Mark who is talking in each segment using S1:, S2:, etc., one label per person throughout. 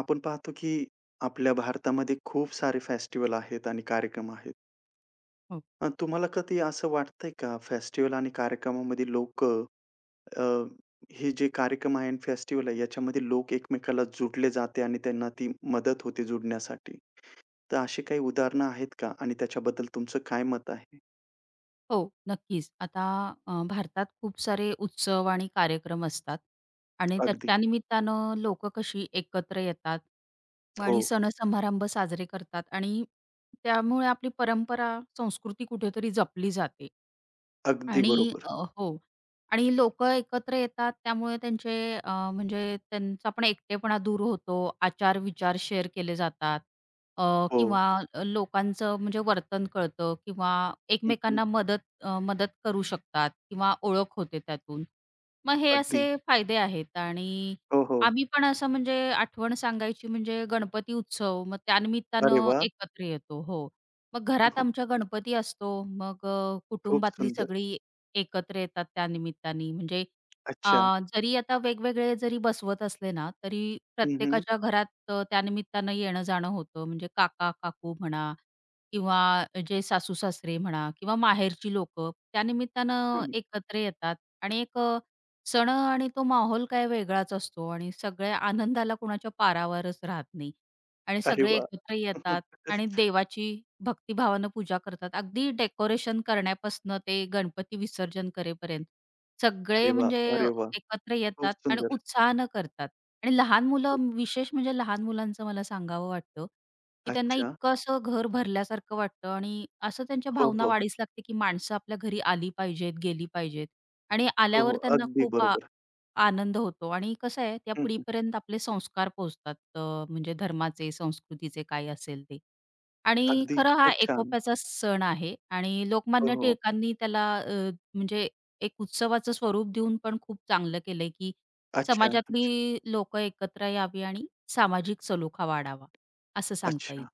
S1: आपण पाहतो की आपल्या भारतामध्ये खूप सारे फेस्टिव्हल आहेत आणि कार्यक्रम आहेत.
S2: हो.
S1: मग तुम्हाला कधी असं वाटतंय का फेस्टिव्हल आणि कार्यक्रमामध्ये लोक अ, हे जे कार्यक्रम आहे अन् फेस्टिव्हल आहे याच्यामध्ये लोक एकमेकांला जुडले जाते आणि त्यांना ती मदत होते जुडण्यासाठी? तर अशी काही उदाहरणं आहेत का? आणि त्याच्याबद्दल तुमचं काय मत आहे?
S2: हो, नक्कीच. आता अ, भारतात खूप सारे उत्सव आणि कार्यक्रम असतात आणि
S1: अगदी.
S2: त्याच्या निमित्तानं लोक कशी एकत्र येतात आणि
S1: हो.
S2: सणसमारंभ साजरे करतात आणि त्यामुळे आपली परंपरा, संस्कृती कुठेतरी जपली जाते
S1: अगदी
S2: आणि
S1: बरोबर.
S2: अ, हो आणि लोक एकत्र येतात त्यामुळे त्यांचे अ, म्हणजे त्यांचा पण एकटेपणा दूर होतो. आचार-विचार शेअर केले जातात. अ,
S1: हो.
S2: किंवा अ, लोकांचं म्हणजे वर्तन कळतं किंवा
S1: हं, हं.
S2: एकमेकांना मदत अ, मदत करू शकतात किंवा ओळख होते त्यातून. मग हे
S1: अगदी.
S2: असे फायदे आहेत आणि
S1: हो, हो.
S2: आम्ही पण असं म्हणजे आठवण सांगायची म्हणजे गणपती उत्सव मग
S1: अरे
S2: त्यानिमित्तानं
S1: वाह!
S2: एकत्र येतो हो, मग घरात आमचा गणपती असतो मग अ,
S1: खूप
S2: कुटुंबातली
S1: सुंदर.
S2: सगळी एकत्र येतात त्या निमित्ताने म्हणजे अ,
S1: अच्छा.
S2: जरी आता वेगवेगळे जरी बसवत असलेना तरी
S1: हं, हं.
S2: प्रत्येकाच्या घरात अ, त्यानिमित्तानं येणंजाणं होतं. म्हणजे काका-काकू म्हणा किंवा जे सासू-सासरे म्हणा किंवा माहेरची लोक त्यानिमित्तानं
S1: हं.
S2: एकत्र येतात आणि एक अ, सण आणि तो माहौल काय वेगळाच असतो आणि सगळ्या आनंदाला कोणाच्या पारावरच राहत नाही. आणि
S1: अरे
S2: सगळे
S1: वाह!
S2: एकत्र येतात आणि देवाची भक्तीिभावानं पूजा करतात. अगदी डेकोरेशन करण्यापासनं ते गणपती विसर्जन करे पर्यंत.
S1: अरे
S2: सगळे
S1: वाह!
S2: म्हणजे अ,
S1: अरे वाह!
S2: एकत्र
S1: खूप
S2: येतात आणि
S1: सुंदर.
S2: उत्साहनं करतात आणि लहान मुलं विशेष म्हणजे लहान मुलांचं मला सांगावं वाटतं, की त्यांना
S1: अच्छा.
S2: इतकं असं घर भरल्यासारखं वाटतं आणि असं त्यांच्या
S1: हो,
S2: भावना
S1: हो.
S2: वाढीस लागते की माणसं आपल्या घरी आली पाहिजेत, गेली पाहिजेत आणि
S1: हो, हो
S2: आल्यावर त्यांना
S1: अगदी
S2: खूप आ
S1: बरोबर.
S2: आनंद होतो आणि कसं आहे त्या
S1: हं,
S2: पिढी
S1: हं.
S2: पर्यंत आपले संस्कार पोहोचतात अ, म्हणजे धर्माचे, संस्कृतीचे काही असेल ते आणि
S1: अगदी,
S2: खरं हा
S1: खूप छान.
S2: एकोप्याचा सण आहे आणि
S1: हो,
S2: लोकमान्य
S1: हो.
S2: टिळकांनी त्याला अ, म्हणजे एक उत्सवाचं स्वरूप देऊन पण खूप चांगलं केलंय की
S1: अच्छा, अच्छा.
S2: समाजातली लोक एकत्र यावी आणि सामाजिक सलोखा वाढावा. असं सांगता येईल.
S1: अच्छा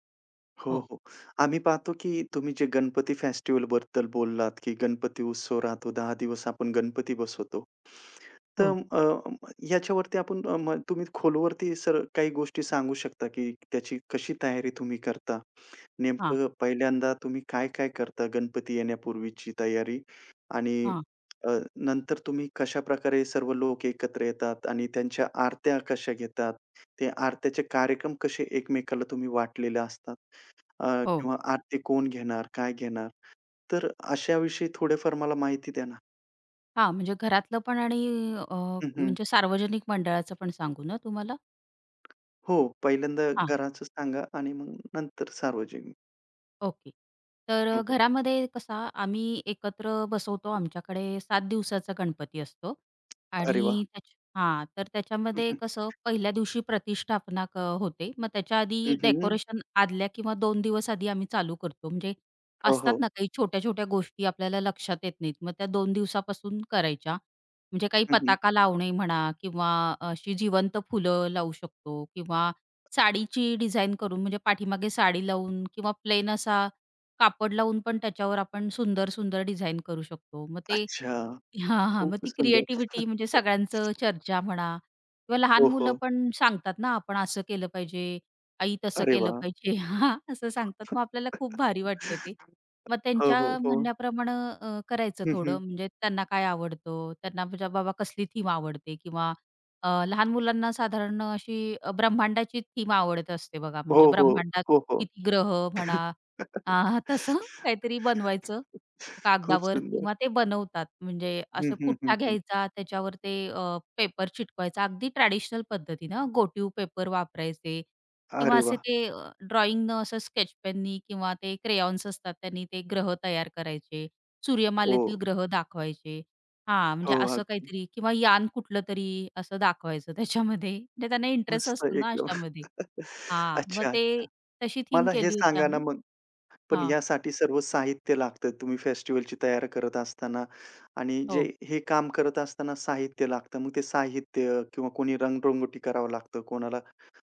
S1: हो,
S2: हो.
S1: हो. आम्ही पाहतो की तुम्ही जे गणपती फेस्टिव्हल बद्दल बोललात की गणपती उत्सव राहतो, 10 दिवस आपण गणपती बसवतो. तर
S2: हो.
S1: अ, ह्याच्यावरती आपण अ, म तुम्ही खोलवरती सर काही गोष्टी सांगू शकता की त्याची कशी तयारी तुम्ही करता?
S2: हां.
S1: नेमकं पहिल्यांदा तुम्ही काय-काय करता गणपती येण्यापूर्वीची तयारी आणि
S2: हां.
S1: अ, नंतर तुम्ही कशाप्रकारे सर्व लोक एकत्र येतात आणि त्यांच्या आरत्या कशा घेतात? ते आरत्याचे कार्यक्रम कसे एकमेकाला तुम्ही वाटलेले असतात? अ,
S2: हो.
S1: किंवा आरती कोण घेणार? काय घेणार? तर अशाविषयी थोड्याफार मला माहिती द्या ना.
S2: हां, म्हणजे घरातलं पण आणि अ,
S1: हं, हं.
S2: म्हणजे सार्वजनिक मंडळाचं पण सांगू ना तुम्हाला?
S1: हो, पहिल्यांदा
S2: हां.
S1: घराचं सांगा आणि मग नंतर सार्वजनिक.
S2: ओके.
S1: हो,
S2: तर
S1: हो.
S2: घरामध्ये कसा आम्ही एकत्र बसवतो, आमच्याकडे 7 दिवसाचा गणपती असतो
S1: अरे वाह!
S2: आणि त्याच हां तर
S1: हं,
S2: त्याच्यामध्ये
S1: हं.
S2: कसं 1ल्या दिवशी प्रतिष्ठापना क होते. मग त्याच्या आधी
S1: हं, हं, हं.
S2: डेकोरेशन आदल्या किंवा 2 दिवस आधी आम्ही चालू करतो म्हणजे
S1: हो,
S2: असतात
S1: हो.
S2: ना काही छोट्या-छोट्या गोष्टी आपल्याला लक्षात येत नाहीत. मग त्या 2 दिवसापासून करायच्या. म्हणजे काही
S1: हं, हं.
S2: पताका लावणे म्हणा, किंवा अशी जिवंत फुलं लावू शकतो, किंवा साडीची डिझाइन करून म्हणजे पाठीमागे साडी लावून, किंवा प्लेन असा कापड लावून पण त्याच्यावर आपण सुंदर-सुंदर डिझाइन करू शकतो. मग ते
S1: अच्छा.
S2: हां, हां मग
S1: खूपच
S2: ती
S1: सुंदर.
S2: क्रिएटिव्हिटी म्हणजे सगळ्यांची चर्चा म्हणा किंवा लहान
S1: हो,
S2: मुलं
S1: हो.
S2: पण सांगतात ना, आपण असं केलं पाहिजे, आई तसं
S1: अरे
S2: केलं
S1: वाह!
S2: पाहिजे असं सांगतात मग आपल्याला खूप भारी वाटतं ते मग
S1: हो,
S2: त्यांच्या
S1: हो, हो.
S2: म्हणण्याप्रमाणं अ, करायचं
S1: हं,
S2: थोडं
S1: हं.
S2: म्हणजे त्यांना काय आवडतं? त्यांना म्हणजे बाबा कसली थीम आवडते किंवा अ, लहान मुलांना साधारण अशी अ, ब्रह्मांडाची थीम आवडत असते बघा म्हणजे
S1: हो, हो,
S2: ब्रह्मांडात
S1: हो, हो.
S2: किती ग्रह म्हणा अ, तसं काहीतरी बनवायचं
S1: खूप
S2: कागदावर
S1: सुंदर.
S2: किंवा ते बनवतात म्हणजे
S1: हं,
S2: असे
S1: हं, हं,
S2: पुठ्ठा
S1: हं.
S2: घ्यायचा त्याच्यावर ते अ, पेपर चिटकवायचा. अगदी ट्रॅडिशनल पद्धतीने घोटीव पेपर वापरायचे किंवा
S1: अरे
S2: असे
S1: वाह!
S2: ते अ, ड्रॉइंग ने असं स्केचपेन नी किंवा ते क्रेयॉन्स असतात त्यांनी ते ग्रह तयार करायचे. सूर्यमालेतील
S1: हो.
S2: ग्रह दाखवायचे. हां,
S1: हो,
S2: म्हणजे असं
S1: अगदी.
S2: काहीतरी किंवा यान कुठलं तरी असं दाखवायचं त्याच्यामध्ये म्हणजे त्यांना इंटरेस्ट
S1: मस्त
S2: असतो ना,
S1: एकदम
S2: अशामध्ये. हां मग
S1: अच्छा.
S2: ते
S1: [unintelligible]
S2: तशी थीम
S1: मला हे
S2: केली होती
S1: सांगा ना,
S2: आम्ही.
S1: मग, पण
S2: हां.
S1: ह्यासाठी सर्व साहित्य लागतंय तुम्ही फेस्टिव्हलची तयारी करत असताना आणि जे
S2: हो.
S1: हे काम करत असताना साहित्य लागतं मग ते साहित्य किंवा कोणी रंगरंगोटी करावं लागतं. कोणाला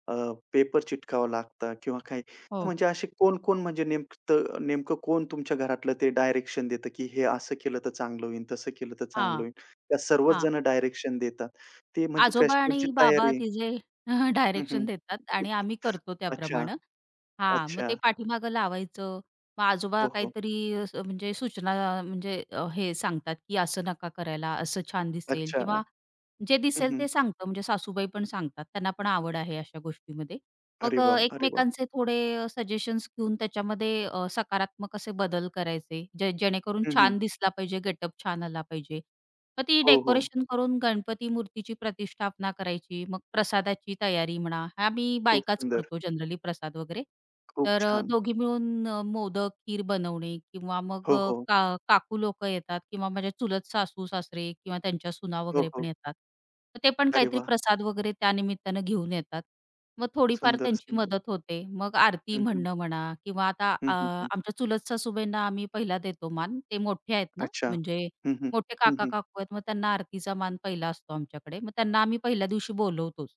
S1: अ, पेपर चिटकवावं लागतं किंवा काही तर
S2: हो.
S1: म्हणजे असे कोण-कोण म्हणजे नेमतं नेमकं कोण तुमच्या घरातलं ते डायरेक्शन देतं, की हे असं केलं तर चांगलं होईल, तसं केलं तर चांगलं
S2: हां.
S1: होईल. त्या सर्वच
S2: हां.
S1: जण डायरेक्शन देतात. ते म्हणजे
S2: आजोबा
S1: फेस्टिव्हलची
S2: आणि
S1: तयार
S2: बाबा तिघे
S1: हं,
S2: डायरेक्शन
S1: हं.
S2: देतात आणि आम्ही करतो
S1: अच्छा.
S2: त्याप्रमाणं. हां, मग
S1: अच्छा.
S2: ते पाठीमागं लावायचं. मग आजोबा
S1: हो, हो.
S2: काहीतरी म्हणजे सूचना म्हणजे अ, हे सांगतात, की असं नका करायला, असं छान दिसेल
S1: अच्छा.
S2: किंवा जे
S1: हं,
S2: दिसेल
S1: हं.
S2: ते सांगतात म्हणजे सासूबाई पण सांगतात त्यांना पण आवड आहे अशा गोष्टीमध्ये.
S1: अरे
S2: मग अ,
S1: वाह! अरे वाह!
S2: एकमेकांचे थोडे सजेशन्स घेऊन त्याच्यामध्ये अ, सकारात्मक असे बदल करायचे जे जेणेकरून
S1: हं, हं.
S2: छान दिसला पाहिजे गेटअप छान आला पाहिजे. मग ती
S1: हो, हो.
S2: डेकोरेशन करून गणपती मूर्तीची प्रतिष्ठापना करायची मग प्रसादाची तयारी म्हणा, आम्ही
S1: खूप
S2: बायकाच
S1: सुंदर.
S2: करतो जनरली प्रसाद वगैरे.
S1: खूप
S2: तर अ,
S1: छान!
S2: दोघी मिळून अ, मोदक, खीर बनवणे किंवा मग
S1: हो,
S2: अ,
S1: हो.
S2: का काकू लोकं येतात किंवा माझ्या चुलत सासू-सासरे किंवा त्यांच्या सुना
S1: हो,
S2: वगैरे पण
S1: हो.
S2: येतात. तर ते पण
S1: अरे
S2: काहीतरी
S1: वाह!
S2: प्रसाद वगैरे त्यानिमित्ताने घेऊन येतात. मग थोडीफार
S1: सुंदर,
S2: त्यांची
S1: सुंदर.
S2: मदत होते. मग आरती
S1: हं, हं.
S2: म्हणणं म्हणा किंवा आता अ,
S1: हं, हं, हं.
S2: आमच्या चुलत सासूबाईंना आम्ही पहिला देतो मान ते मोठे आहेत ना,
S1: अच्छा.
S2: म्हणजे
S1: हं, हं.
S2: मोठे
S1: हं, हं.
S2: काका-काकू आहेत. मग त्यांना आरतीचा मान पहिला असतो आमच्याकडे. मग त्यांना आम्ही पहिल्या दिवशी बोलवतोचं.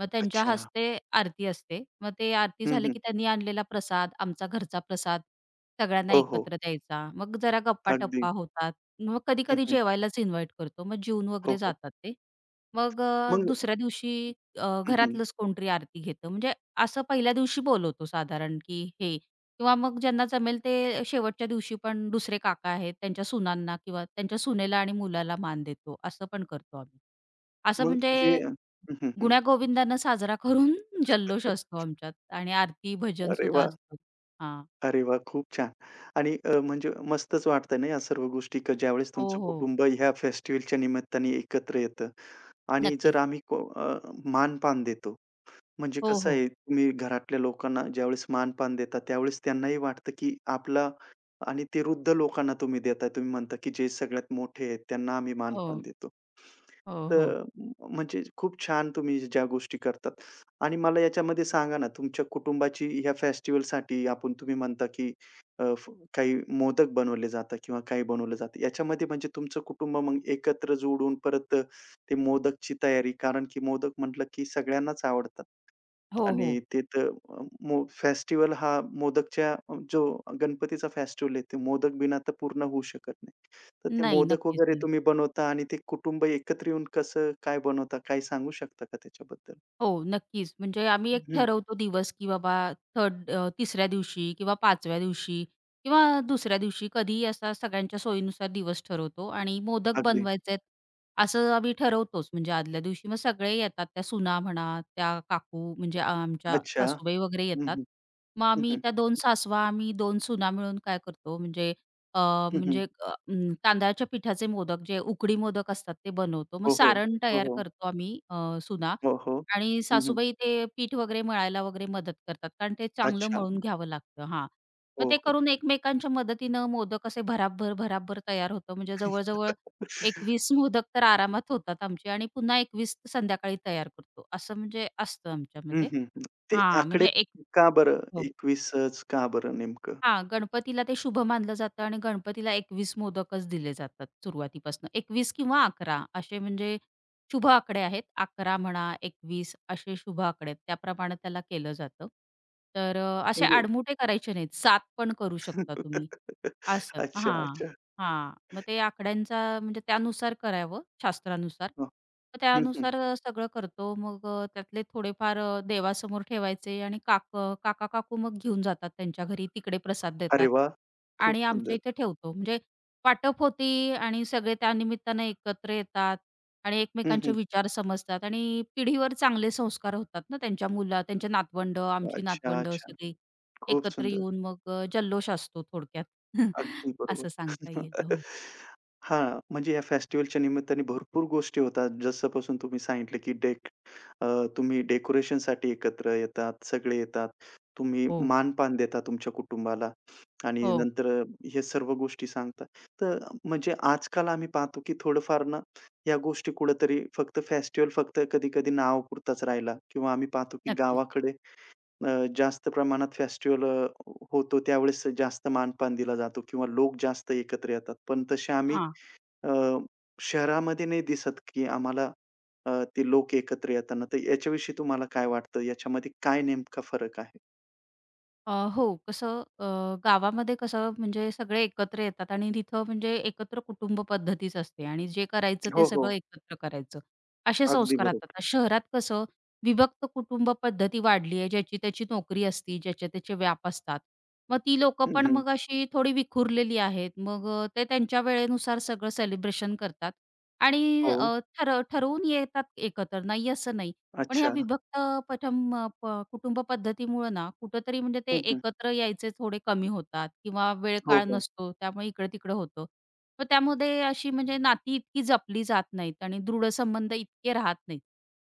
S2: मग त्यांच्या
S1: अच्छा.
S2: हस्ते आरती असते. मग ते आरती
S1: हं,
S2: झालं,
S1: हं.
S2: की त्यांनी आणलेला प्रसाद आमचा घरचा प्रसाद सगळ्यांना
S1: हो, हो.
S2: एकत्र द्यायचा. मग जरा
S1: अगदी.
S2: गप्पा-टप्पा होतात मग
S1: हं,
S2: कधी-कधी
S1: हं.
S2: जेवायलाच इन्व्हाइट करतो. मग जेवून
S1: हो,
S2: वगैरे
S1: हो.
S2: जातात ते. मग अ,
S1: मग
S2: दुसऱ्या दिवशी अ,
S1: हं, हं.
S2: घरातलंच कोणतरी आरती घेतं म्हणजे असं पहिल्या दिवशी बोलवतो साधारण, की हे. किंवा मग ज्यांना जमेल ते शेवटच्या दिवशी पण दुसरे काका आहेत त्यांच्या सुनांना किंवा त्यांच्या सुनेला आणि मुलाला मान देतो असं पण करतो आम्ही. असं
S1: मग
S2: म्हणजे
S1: जे. हं, हं, हं.
S2: गुण्या गोविंदांना साजरा करून जल्लोष असतो आमच्यात आणि आरती भजन
S1: अरे
S2: सुुद्धा
S1: वाह!
S2: असतं. हां.
S1: अरे वाह! खूप छान! आणि अ, म्हणजे मस्तच वाटतंय ना, या सर्व गोष्टी का ज्यावेळेस
S2: हो,
S1: तुमचं
S2: हो.
S1: कुटुंब ह्या फेस्टिव्हलच्या निमित्ताने एकत्र येतं आणि जर
S2: नक्कीच.
S1: आम्ही अ, मान-पान देतो. म्हणजे
S2: हो,
S1: कसं
S2: हो.
S1: आहे तुम्ही घरातल्या लोकांना ज्यावेळेस मान-पान देता, त्यावेळेस त्यांनाही वाटतं, की आपला आणि वृद्ध लोकांना तुम्ही देता. तुम्ही म्हणता, की जे सगळ्यात मोठे आहेत, त्यांना आम्ही मान-पान
S2: हो.
S1: देतो.
S2: हो,
S1: तर
S2: हो.
S1: अ, म्हणजे खूप छान तुम्ही ज्या गोष्टी करतात आणि मला याच्यामध्ये सांगा ना, तुमच्या कुटुंबाची ह्या फेस्टिव्हलसाठी आपण तुम्ही म्हणता, की अ, काही मोदक बनवले जातं किंवा काही बनवलं जातं याच्यामध्ये म्हणजे तुमचं कुटुंब मग एकत्र जोडून परत अ, ते मोदकची तयारी. कारण, की मोदक म्हटलं, की सगळ्यांनाच आवडतात.
S2: हो, हो.
S1: आणि ते तर अ, मो फेस्टिव्हल हा मोदकच्या जो गणपतीचा फेस्टिव्हल आहे ते मोदक बिना तर पूर्ण होऊ शकत नाही. तर ते
S2: नाही,
S1: मोदक
S2: नक्कीच
S1: वगैरे
S2: नाही.
S1: तुम्ही बनवता आणि ते कुटुंब एकत्र येऊन कसं काय बनवता? काही सांगू शकता का त्याच्याबद्दल?
S2: हो, नक्कीच. म्हणजे आम्ही 1
S1: हं.
S2: ठरवतो दिवस, की बाबा थर्ड अ, 3ऱ्या दिवशी किंवा, 5व्या दिवशी किंवा, 2ऱ्या दिवशी कधीही असा सगळ्यांच्या सोयीनुसार दिवस ठरवतो आणि मोदक
S1: अगदी.
S2: बनवायचेत असं आम्ही ठरवतोच. म्हणजे आदल्या दिवशी मग सगळे येतात, त्या सुना म्हणा, त्या काकू म्हणजे अ, आमच्या
S1: अच्छा.
S2: सासूबाई वगैरे
S1: हं,
S2: येतात
S1: हं.
S2: मग,
S1: हं,
S2: आम्ही
S1: हं.
S2: त्या 2 सासवा आम्ही 2 सुना मिळून काय करतो म्हणजे अ
S1: हं, हं.
S2: म्हणजे अ तांदळाच्या पिठाचे मोदक जे उकडी मोदक असतात ते बनवतो, मग
S1: हो, हो.
S2: सारण
S1: हो,
S2: तयार
S1: हो.
S2: करतो आम्ही अ, सुना
S1: हो, हो.
S2: आणि
S1: हं, हं.
S2: सासूबाई ते पीठ वगैरे मळायला वगैरे मदत करतात कारण ते चांगलं
S1: अच्छा.
S2: मळून घ्यावं लागतं. हां, मग
S1: हो,
S2: ते
S1: हो.
S2: करून एकमेकांच्या मदतीनं मोदक असे भराभर-भराभर तयार होतं. म्हणजे जवळ-जवळ 21 मोदक तर आरामात होतात आमचे आणि पुन्हा 21 तर संध्याकाळी तयार करतो. असं म्हणजे असतं
S1: हं,
S2: आमच्यामध्ये.
S1: हं. ते
S2: हां.
S1: आकडे
S2: म्हणजे एक.
S1: का बरं,
S2: हो
S1: 21च का बरं नेमकं?
S2: हां, गणपतीला ते शुभ मानलं जातं आणि गणपतीला 21 मोदकच दिले जातात सुरुवातीपासून. 21 किंवा 11 असे म्हणजे शुभ आकडे आहेत 11 म्हणा, 21 असे शुभ आकडे आहेत त्याप्रमाणे त्याला केलं जातं. तर अ, असे
S1: म्हणजे,
S2: आडमुठे करायचे नाहीत, 7 पण करू शकता तुम्ही. असं
S1: अच्छा,
S2: हां.
S1: अच्छा.
S2: हां. मग ते आकड्यांचा म्हणजे त्यानुसार करावं शास्त्रानुसार,
S1: हं.
S2: मग
S1: हं, हं.
S2: त्यानुसार सगळं करतो मग अ, त्यातले थोडेफार देवासमोर ठेवायचे आणि काक काका-काकू मग घेऊन जातात त्यांच्या घरी तिकडे प्रसाद
S1: अरे
S2: देतात.
S1: वाह! खूप
S2: आणि आमच्या
S1: सुंदर.
S2: इथे ठेवतो. म्हणजे वाटप होते आणि सगळे त्यानिमित्ताने एकत्र येतात. आणि
S1: हं,
S2: एकमेकांचे
S1: हं.
S2: विचार समजतात आणि पिढीवर चांगले संस्कार होतात ना, त्यांची मुला त्यांची नातवंडं, आमची
S1: अच्छा,
S2: नातवंडं
S1: अच्छा.
S2: सगळी.
S1: खूप
S2: एकत्र
S1: सुंदर.
S2: येऊन मग अ, जल्लोष असतो थोडक्यात.
S1: अगदी बरोबर.
S2: असं सांगता येईल हो.
S1: हां, म्हणजे या फेस्टिव्हलच्या निमित्ताने भरपूर गोष्टी होतात जसंपासून तुम्ही सांगितलं, की डेक अ तुम्ही डेकोरेशनसाठी एकत्र येतात, सगळे येतात. तुम्ही
S2: हो.
S1: मान-पान देता तुमच्या कुटुंबाला आणि
S2: हो.
S1: नंतर अ ,हे सर्व गोष्टी सांगतात. तर म्हणजे आजकाल आम्ही पाहतो, की थोडंफार ना ह्या गोष्टी कुठेतरी फक्त फेस्टिव्हल फक्त कधी-कधी नावपुरताच राहिला किंवा आम्ही पाहतो, की
S2: नक्कीच.
S1: गावाकडे अ, जास्त प्रमाणात फेस्टिव्हल अ, होतो, त्यावेळेस जास्त मान-पान दिला जातो किंवा लोक जास्त एकत्र येतात. पण तसे आम्ही
S2: हां.
S1: अ, शहरामध्ये नाही दिसत, की आम्हाला अ, ते लोकं एकत्र येतना तर याच्याविषयी तुम्हाला काय वाटतं? याच्यामध्ये काय नेमका फरक आहे?
S2: अ, हो, कसं अ, गावामध्ये कसं म्हणजे सगळे एकत्र येतात आणि तिथं म्हणजे एकत्र कुटुंब पद्धतीच असते आणि जे करायचं ते
S1: हो,
S2: सगळं
S1: हो.
S2: एकत्र करायचं. असे
S1: अगदी
S2: संस्कारात.
S1: बरोबर.
S2: आता शहरात कसं विभक्त कुटुंबपद्धती वाढली आहे ज्याची त्या्याची नोकरी असती, ज्याचे त्याचे व्याप असतात. मग ती लोक
S1: हं,
S2: पण
S1: हं.
S2: मग अशी थोडी विखुरलेली आहेत. मग अ, ते त्यांच्या वेळेनुसार सगळं सेलिब्रेशन करतात. आणि
S1: हो.
S2: अ, ठर ठरवून येतात एकत्र. नाही असं नाही. पण ह्या
S1: अच्छा.
S2: विभक्त पथम प कुटुंब पद्धतीमुळं ना, कुठेतरी म्हणजे ते
S1: हं, हं.
S2: एकत्र यायचे थोडे कमी होतात किंवा
S1: हो,
S2: वेळकाळ
S1: हो.
S2: नसतो त्यामुळे इकड-तिकडं होतं. मग त्यामध्ये अशी म्हणजे नाती इतकी जपली जात नाहीत आणि दृढसंबंध इतके राहत नाहीत.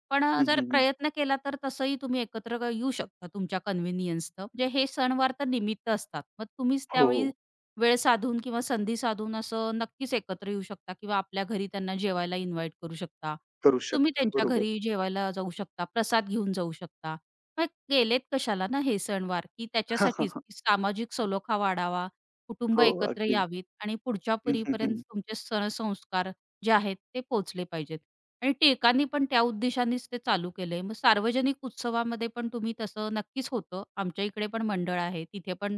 S2: पण अ,
S1: हं,
S2: जर
S1: हं, हं.
S2: प्रयत्न केला तर तसंही तुम्ही एकत्र येऊ शकता तुमच्या कन्व्हिनियन्सनं. म्हणजे हे सणवार तर निमित्त असतात. मग तुम्हीच त्यावेळी
S1: हो.
S2: वेळ साधून किंवा संधी साधून असं नक्कीच एकत्र येऊ शकता किंवा आपल्या घरी त्यांना जेवायला इन्व्हाइट करू शकता.
S1: करू
S2: तुम्ही
S1: शकता.
S2: त्यांच्या
S1: बरोबर.
S2: घरी जेवायला जाऊ शकता, प्रसाद घेऊन जाऊ शकता. मग केलेत कशाला ना हे सणवार? की
S1: हां, हां,
S2: त्याच्यासाठीच
S1: हां.
S2: की सामाजिक सलोखा वाढावा, कुटुंब
S1: हो,
S2: एकत्र
S1: अगदी.
S2: यावीत आणि पुढच्या
S1: हं, हं,
S2: पिढीपर्यंत
S1: हं.
S2: तुमचे सण-संस्कार जे आहेत ते पोहोचले पाहिजेत. आणि टिळकांनी पण त्या उद्देशानेच ते चालू केलंय. मग सार्वजनिक उत्सवामध्ये पण तुम्ही तसं नक्कीच होतं. आमच्या इकडे पण मंडळ आहे. तिथे पण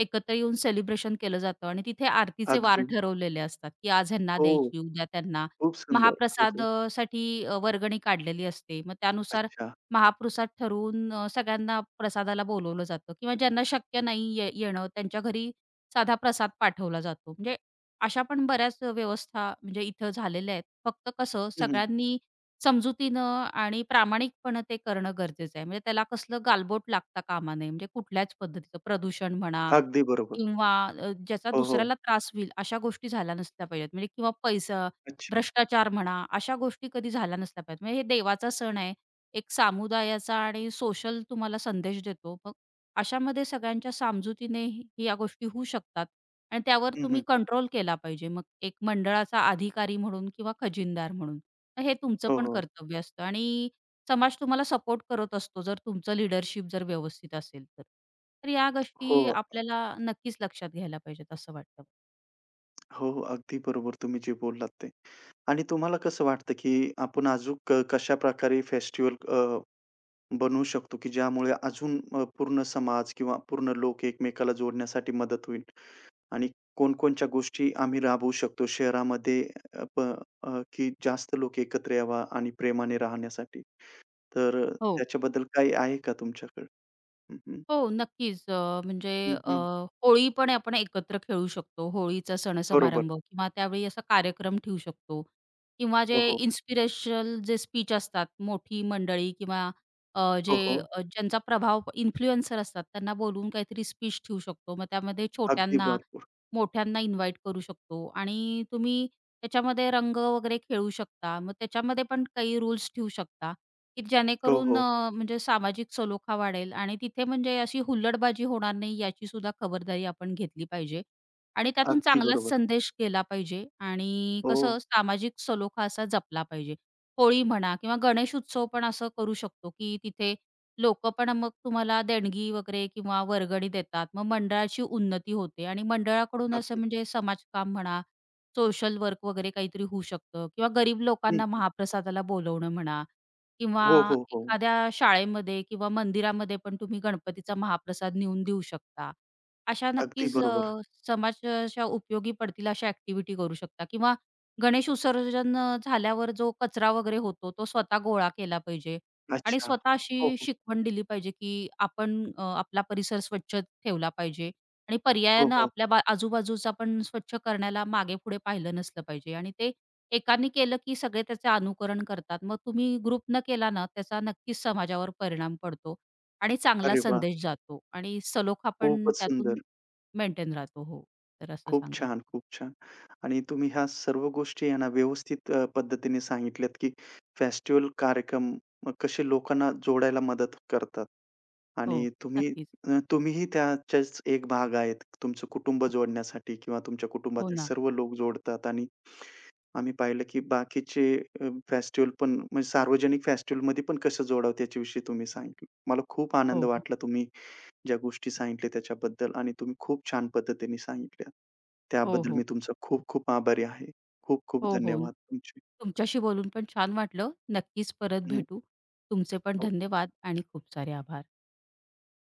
S2: एकत्र येऊन सेलिब्रेशन केलं जातं आणि तिथे आरतीचे वार
S1: अगदी.
S2: ठरवलेले असतात, की आज ह्यांना
S1: हो.
S2: द्यायची उद्या त्यांना.
S1: खूप सुंदर हो,
S2: महाप्रसाद
S1: हो.
S2: अ, साठी अ, वर्गणी काढलेली असते. मग त्यानुसार
S1: अच्छा!
S2: महापृसाद ठरवून अ, सगळ्यांना प्रसादाला बोलावलं जातं किंवा ज्यांना शक्य नाहीये येणं त्यांच्या घरी साधा प्रसाद पाठवला जातो. म्हणजे अशा पण बऱ्याच अ, व्यवस्था म्हणजे इथं झालेल्या आहेत. फक्त कसं
S1: हं, हं.
S2: सगळ्यांनी समजुतीनं आणि प्रामाणिकपणे ते करणं गरजेचं आहे. म्हणजे त्याला कसलं गालबोट लागता कामा नये. म्हणजे कुठल्याच पद्धतीचं. प्रदूषण म्हणा
S1: अगदी बरोबर.
S2: किंवा अ, ज्याचा
S1: हो, हो.
S2: दुसऱ्याला त्रास होईल अशा गोष्टी झाल्या नसल्या पाहिजेत म्हणजे किंवा पैसा
S1: अच्छा!
S2: भ्रष्टाचार म्हणा, अशा गोष्टी कधी झाल्या नसल्या पाहिजे. म्हणजे हे देवाचा सण आहे. एक सामुदायाचा आणि सोशल तुम्हाला संदेश देतो. मग अशामध्ये सगळ्यांच्या सामजुतीने या गोष्टी होऊ शकतात. आणि त्यावर
S1: हं,
S2: तुम्ही
S1: हं.
S2: कंट्रोल केला पाहिजे मग एक मंडळाचा अधिकारी म्हणून किंवा खजिनदार म्हणून. मग हे तुमचं
S1: हो,
S2: पण
S1: हो.
S2: कर्तव्य असतं आणि समाज तुम्हाला सपोर्ट करत असतो, जर तुमचं लीडरशिप जर व्यवस्थित असेल तर. तर या गोष्टी
S1: हो. अ,
S2: आपल्याला नक्कीच लक्षात घ्यायला पाहिजेत असं वाटतं मला.
S1: हो, हो, अगदी बरोबर. तुम्ही जे बोललात ते आणि तुम्हाला कसं वाटतं की आपण अजून कशाप्रकारे फेस्टिव्हल अ, बनवू शकतो की ज्यामुळे अजून अ, पूर्ण समाज किंवा पूर्ण लोक एकमेकाला जोडण्यासाठी मदत होईल आणि कोणकोणच्या गोष्टी आम्ही राबवू शकतो शहरामध्ये. अ प अ, की जास्त लोकं एकत्र यावा आणि प्रेमाने राहण्यासाठी. तर
S2: हो.
S1: त्याच्याबद्दल काही आहे का तुमच्याकडे? हं, हं.
S2: हो नक्कीच. अ, म्हणजे
S1: हं,
S2: अ,
S1: हं.
S2: होळीपण आपण एकत्र खेळू शकतो, होळीचा
S1: बरोबर.
S2: सणसमारंभ किंवा त्यावेळी असा कार्यक्रम ठेवू शकतो. किंवा
S1: हो,
S2: जे
S1: हो.
S2: इन्स्पिरेशनल जे स्पीच असतात. मोठी मंडळी किंवा अ,
S1: हो,
S2: जे
S1: हो.
S2: अ, ज्यांचा प्रभाव इन्फ्लुएन्सर असतात. त्यांना बोलवून काहीतरी स्पीच ठेवू शकतो. मग त्यामध्ये
S1: अगदी
S2: छोट्यांना,
S1: भरपूर.
S2: मोठ्यांना इन्व्हाईट करू शकतो आणि तुम्ही त्याच्यामध्ये रंग वगैरे खेळू शकता. मग त्याच्यामध्ये पण काही रूल्स ठेवू शकता, की
S1: हो,
S2: जेणेकरून
S1: हो.
S2: अ, म्हणजे सामाजिक सलोखा वाढेल आणि तिथे म्हणजे अशी हुल्लडबाजी होणार नाही याची सुुद्धा खबरदारी आपण घेतली पाहिजे आणि त्यातून
S1: अगदी
S2: चांगलाच
S1: बरोबर.
S2: संदेश केला पाहिजे आणि
S1: हो.
S2: कसं सामाजिक सलोखा असा जपला पाहिजे. होळी म्हणा किंवा गणेशउत्सव पण असं करू शकतो की तिथे लोक पण मग तुम्हाला देणगी वगैरे किंवा वर्गणी देतात. मग मंडळाची उन्नती होते आणि मंडळाकडून असं
S1: अगदी.
S2: म्हणजे समाजकाम म्हणा, सोशल वर्क वगैरे काहीतरी होऊ शकतं किंवा गरीब
S1: हं,
S2: लोकांना
S1: हं.
S2: महाप्रसादाला बोलावणं म्हणा किंवा
S1: हो, हो, हो.
S2: एखाद्या शाळेमध्ये किंवा मंदिरामध्ये पण तुम्ही गणपतीचा महाप्रसाद नेऊन देऊ शकता. अशा
S1: अगदी
S2: नक्कीच
S1: बरोबर.
S2: अ, समाज अशा उपयोगी पडतील अशा ॲक्टिव्हिटी करू शकता किंवा गणेश विसर्जन झाल्यावर जो कचरा वगैरे होतो, तो स्वतः गोळा केला पाहिजे आणि
S1: अच्छा.
S2: स्वतः
S1: हो,
S2: अशी
S1: हो.
S2: शिकवण दिली पाहिजे की आपण अ, आपला परिसर स्वच्छ ठेवला पाहिजे आणि
S1: हो,
S2: पर्यायानं
S1: हो.
S2: आपल्या बा आजूबाजूचं आपण स्वच्छ करण्याला मागेपुढे पाहिलं नसलं पाहिजे आणि ते एकानी केलं, की सगळे त्याचे अनुकरण करतात. मग तुम्ही ग्रुप न केला ना त्याचा नक्कीच समाजावर परिणाम पडतो आणि चांगला
S1: अरे वाह!
S2: संदेश जातो आणि सलोखा पण
S1: खूपंच
S2: त्यातून
S1: सुंदर.
S2: मेंटेन राहतो हो. तर असं
S1: खूप
S2: सांगायचं.
S1: छान, खूप छान. आणि तुम्ही ह्या सर्व गोष्टी आहे ना व्यवस्थित अ, पद्धतीने सांगितल्यात, की फेस्टिव्हल कार्यक्रम कसे लोकांना जोडायला मदत करतात? आणि
S2: हो,
S1: तुम्ही
S2: नक्कीच.
S1: अ, तुम्हीही त्याचेच एक भाग आहेत. तुमचं कुटुंब जोडण्यासाठी किंवा तुमच्या
S2: हो
S1: कुटुंबातले
S2: ना.
S1: सर्व लोक जोडतात आणि आम्ही पाहिलं की बाकीचे अ, फेस्टिव्हल पण म्हणजे सार्वजनिक फेस्टिव्हलमध्ये पण कसं जोडावतं याच्याविषयी तुम्ही सांगितलं. मला खूप आनंद
S2: हो.
S1: वाटला तुम्ही ज्या गोष्टी सांगितल्या त्याच्याबद्दल आणि तुम्ही खूप छान पद्धतीने सांगितल्या
S2: हो,
S1: त्याबद्दल
S2: हो.
S1: मी तुमचं खूप-खूप आभारी आहे. खूप-खूप
S2: हो, हो.
S1: धन्यवाद तुमचे.
S2: तुमच्याशी बोलून पण छान वाटलं. नक्कीच परत
S1: हं.
S2: भेटू. तुमचे पण
S1: हो.
S2: धन्यवाद आणि खूप सारे आभार.